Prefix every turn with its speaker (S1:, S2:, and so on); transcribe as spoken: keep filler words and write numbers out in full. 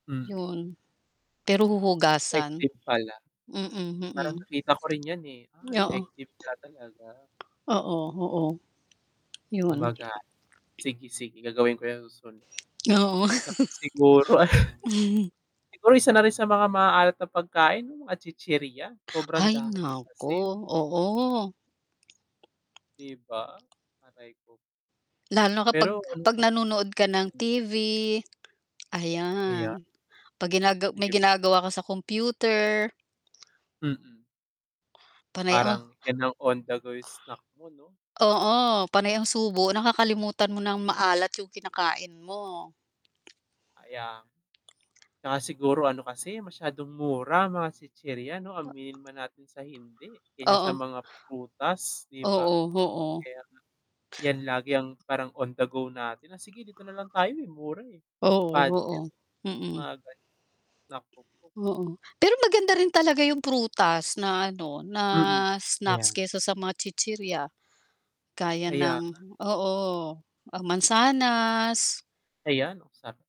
S1: Mm.
S2: 'Yun, pero huhugasan.
S1: Effective pala.
S2: Mm, mm.
S1: Parang nakita ko rin 'yan, eh. Ah,
S2: Niyoo
S1: effective nga talaga.
S2: Oo, oo, 'yun.
S1: Gumaga sige, sige gagawin ko 'yan sa susunod.
S2: Oo.
S1: 'Tsaka siguro siguro isa na rin sa mga maaalat na pagkain 'yung mga chichirya, sobrang
S2: Hay
S1: dami
S2: naku,
S1: kasi.
S2: oo.
S1: 'Di ba, aray ko.
S2: Lalo na kapag
S1: Pero ano
S2: 'pag
S1: kas
S2: nanonood ka ng
S1: mm.
S2: T-V
S1: Ayan.
S2: ayan. 'Pag ginagaw may
S1: Sige
S2: ginagawa ka sa kompyuter.
S1: Mm.
S2: Panay
S1: Parang,
S2: oh
S1: 'yan na ang on the go snack mo, 'no.
S2: Oo, panay ang subo nakakalimutan mo nang maalat 'yung kinakain mo.
S1: Kaya nga. 'Tsaka siguro ano kasi masyadong mura mga chichirya 'no,
S2: O
S1: aminin man natin sa hindi, kaysa sa
S2: Oo.
S1: mga prutas 'di ba.
S2: Oo, oo.
S1: Kaya nga 'yan lagi ang parang on the go natin na, sige dito na lang tayo, eh, mura, eh,
S2: Oo, oo,
S1: budget.
S2: mm.
S1: Mga ganiyan, naku po.
S2: Oo, pero maganda rin talaga 'yung prutas na ano na
S1: Mm.
S2: snacks
S1: Ayan.
S2: kesa sa mga chichirya, gaya
S1: Kaya nga.
S2: ng oo, ang mansanas.
S1: Ayan. Oh, sa